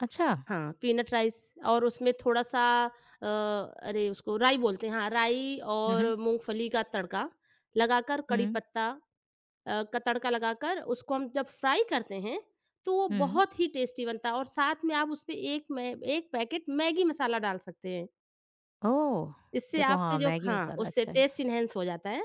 अच्छा। हाँ, peanut rice और उसमें थोड़ा-सा अ, अरे उसको राई बोलते हैं हाँ, राई हुँ, और हुँ। मूँगफली का तड़का लगाकर, कड़ी हुँ। पत्ता अ, का तड़का लगाकर उसको हम जब फ्राइ करते हैं, तो वो हुँ। बहुत ही टेस्टी बनता है और साथ में आप उसमें एक मैं एक पैकेट मैगी मसाला डाल सकते हैं। ओह! इससे देखो आपके हाँ, जो मैगी हाँ, मसाला उससे अच्छा है। टेस्ट इनहैंस हो जाता है।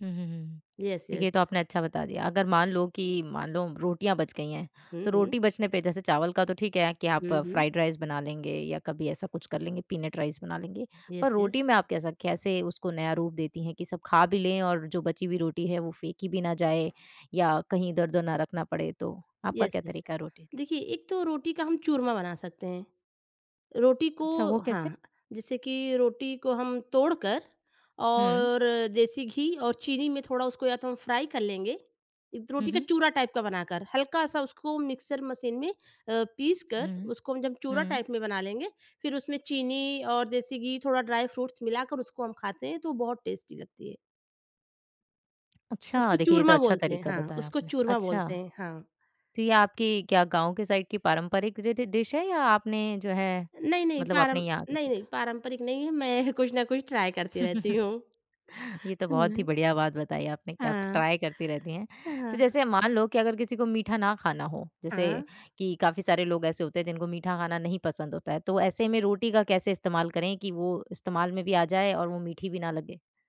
हुँ, हुँ, हुँ। Yes yes. देखिए तो आपने अच्छा बता दिया अगर मान लो कि मान लो रोटियाँ बच गई हैं, हुँ, तो हुँ। रोटी बचने पे जैसे चावल का तो ठीक है कि आप हुँ, हुँ। फ्राइड राइस बना लेंगे या कभी ऐसा कुछ कर लेंगे, पीनट राइस बना लेंगे। यस, पर यस। रोटी में आप कैसा कैसे उसको नया रूप देती हैं कि सब खा भी लें और जो बची हुई रोटी है, वो फेंकी भी ना जाए या कहीं इधर-उधर ना रखना पड़े, तो आपका यस, क्या यस, यस। तरीका है रोटी के लिए? देखिए एक तो रोटी का हम चूरमा बना सकते हैं। रोटी को अच्छा, वो कैसे? हाँ, जैसे कि रोटी को हम तोड़कर हुँ। और देसी घी और चीनी में थोड़ा उसको या तो हम फ्राइ कर लेंगे, इत हुँ, रोटी का हुँ। चूरा टाइप का बनाकर, हल्का-सा उसको मिक्सर मशीन में अ, पीसकर हुँ। उसको हम जब चूरा हुँ। टाइप में बना लेंगे, फिर उसमें चीनी और देसी घी थोड़ा ड्राइ फ्रूट्स मिलाकर उसको हम खाते हैं तो वो बहुत टेस्टी लगती है। अच्छा उसको देखिए ये तो चूरमा अच्छा बोलते हैं तरीका हाँ, बताया उसको आपने, चूरमा अच्छा। बोलते हैं, हाँ। तो ये आपकी क्या गाँव के साइड की पारंपरिक ड डिश है या आपने जो है नहीं, नहीं मतलब आपने पारम यहाँ से नहीं, नहीं सीखा? पारंपरिक नहीं है, मैं कुछ न कुछ ट्राइ करती रहती हूँ। ये तो बहुत ही मैं बढ़िया बात बताई आपने कि आप हाँ। ट्राय करती रहती हैं। अ, तो हाँ। जैसे मान लो कि अगर किसी को मीठा ना खाना हो, जैसे हाँ। कि काफ़ी सारे लोग ऐसे होते हैं जिनको मीठा खाना नहीं पसंद होता है, तो ऐसे में रोटी का कैसे इस्तेमाल करें कि वो इस्तेमाल में भी आ जाए और वो मीठी भी ना लगे?